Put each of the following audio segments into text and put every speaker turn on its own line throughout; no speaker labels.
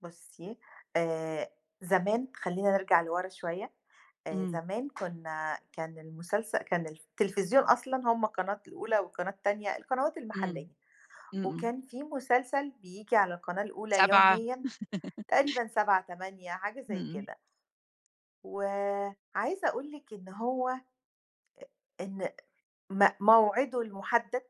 بُصّي آآ زمان خلّينا نرجع لورا شوية، آآ
إمم.
زمان كنّا كان المسلسل كان الف التليفزيون أصلًا هُم قناة الأولى والقناة التانية القنوات
إمم.
المحلية،
إمم، إمم.
وكان في مسلسل بييجي على القناة الأولى
19:00
يوميًا تقريبًا 19:00، 20:00 حاجة زي
امم.
كده و عايزة أقول لِك إن هو إن م موعده المحدد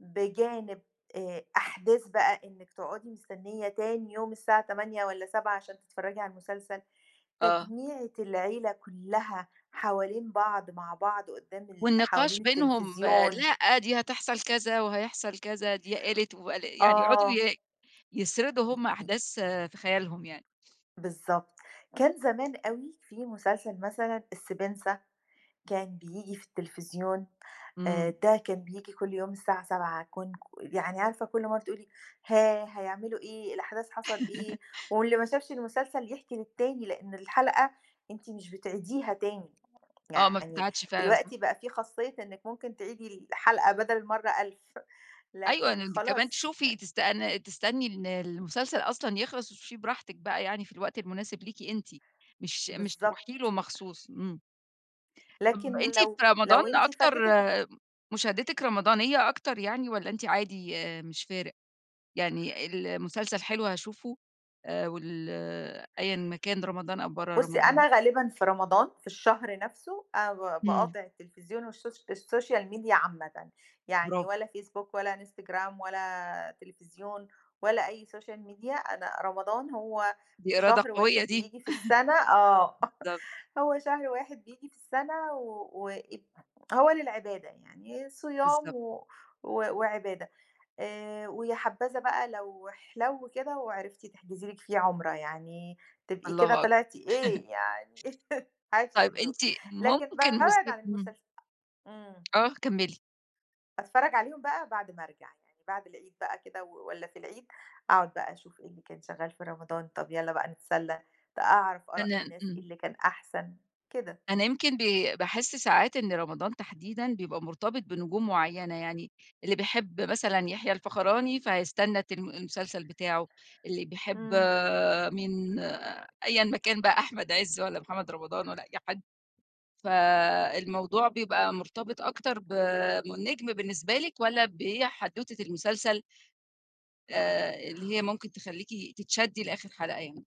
بجانب آآ أحداث بقى إنِّك تقعُدي مستنية تاني يوم الساعة 20:00 والّا 19:00 عشان تتفرّجي على المسلسل،
آه.
تجميعة العيلة كلّها حوالين بعض مع بعض قدّام ال
والنقاش
حوالين
بينهم
التليفزيون.
لأ دي هتحصل كذا وهيحصل كذا دي قالت وال يعني يقعُدوا
آه.
ي يسردوا
م
هُم
م
أحداث في خيالهم يعني.
بالضبط، كان زمان أوي في مسلسل مثلًا السبنسة كان بييجي في التليفزيون آآ
إمم.
ده كان بييجي كل يوم الساعة 19:00 كن ك يعني عارفة كل مرّة بتقول لي ها هيعملوا إيه؟ الأحداث حصل إيه؟ واللي ما شافش المسلسل يحكي للتاني؛ لإن الحلقة أنتِ مش بتعيديها تاني
آه، ما
يعني
بتتعادش فعلًا صح.
دلوقتي بقى في خاصية إنِّك ممكن تعيدي الحلقة بدل المرّة 1000
أيوه ده
لكن
أنتِ كمان
خلاص أ
تشوفي تستأني تستني إن المسلسل أصلًا يخلص وتشوفيه براحتك بقى يعني في الوقت المناسب ليكِ أنتِ، مش مش تروحي
بالضبط.
له مخصوص إمم طَب
لكن
ما أنتِ في
لو،
رمضان
لو أنتِ
أكتر
فاتتِك ال
آآ مشاهدتِك رمضانية أكتر يعني والّا أنتِ عادي مش فارق، يعني المسلسل حلو هاشوفه آآ وال أيًا ما كان رمضان أو برّا
بُصّي
رمضان؟
أنا غالبًا في رمضان في الشهر نَفْسه أنا ب
إمم.
باقاطع التليفزيون والشوش الSocial Media عامةً، يعني
برافو.
ولا Facebook ولا Instagram ولا تليفزيون ولا أي Social Media، أنا رمضان هو
دي إرادة
شهر
قوية
واحد
دي.
بييجي في السَنة آه،
بالضبط.
هو شهر واحد بييجي في السَنة و وإ هو للعبادة يعني، صيام
بالضبط.
و و وعبادة، آآ ويا حبّذا بقى لو احلو كده وعرفتِ تحجزي لِك فيه عُمرة يعني تبقي كده
الله أكبر
طلعتي إيه يعني عيشتِ
طيب
الدور،
أنتِ
لكن بقى
ممكن
بابعد
مست
عن
إمم.
المسلس إمم.
آه، كمّلي.
أتفرّج عليهم بقى بعد ما أرجع، يعني بعد العيد بقى كده و والّا في العيد، أقعُد بقى أشوف إيه اللي كان شغّال في رمضان طَب يالّا بقى نتسلّى ت أعرف آراء
[unintelligible]
الناس إيه
إمم.
اللي كان أحسن كده.
أنا يمكن بي باحس ساعات إن رمضان تحديدًا بيبقى مرتبط بنجوم معيّنة، يعني اللي بيحب مثلًا يحيى الفخراني فهيستنى تلم المسلسل بتاعه، اللي بيحب
إمم.
مين أيًا ما كان بقى أحمد عِز والّا محمد رمضان والّا أي حد، فالموضوع بيبقى مرتبط أكتر ب من النجم بالنسبة لِك والّا بحدوتة المسلسل آآ اللي هي ممكن تخلّيكِ تتشدي لآخر حلقة يعني؟